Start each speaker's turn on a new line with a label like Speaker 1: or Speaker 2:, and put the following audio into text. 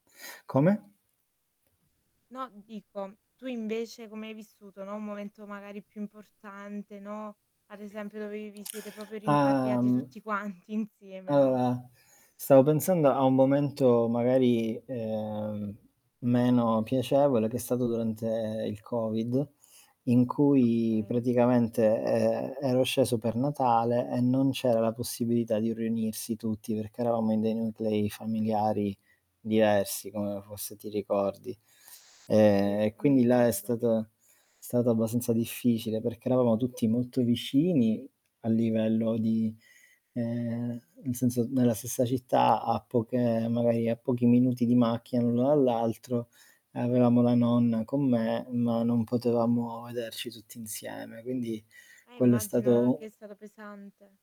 Speaker 1: Come?
Speaker 2: No dico, tu invece come hai vissuto, no, un momento magari più importante, no. Ad esempio dove vi siete proprio
Speaker 1: Ah,
Speaker 2: rimpatriati
Speaker 1: mhmm
Speaker 2: tutti quanti insieme, no?
Speaker 1: Uhm, stavo pensando a un momento magari, ehm, meno piacevole che è stato durante il Covid, in cui
Speaker 2: Okay.
Speaker 1: praticamente, ehm, ero sceso per Natale e non c'era la possibilità di riunirsi tutti perché eravamo in dei nuclei familiari diversi come fosse ti ricordi.
Speaker 2: Sì,
Speaker 1: Ehm,
Speaker 2: s
Speaker 1: e
Speaker 2: mi
Speaker 1: quindi là è
Speaker 2: ricordo.
Speaker 1: stato è stato abbastanza difficile perché eravamo tutti molto vicini a livello di, ehm, nel senso, nella stessa città a poche magari a pochi minuti di macchina l'uno dall'altro e avevamo la nonna con me, ma non potevamo vederci tutti insieme, quindi
Speaker 2: Eh,
Speaker 1: quello è
Speaker 2: immagino, no, che è
Speaker 1: stato
Speaker 2: stato pesante.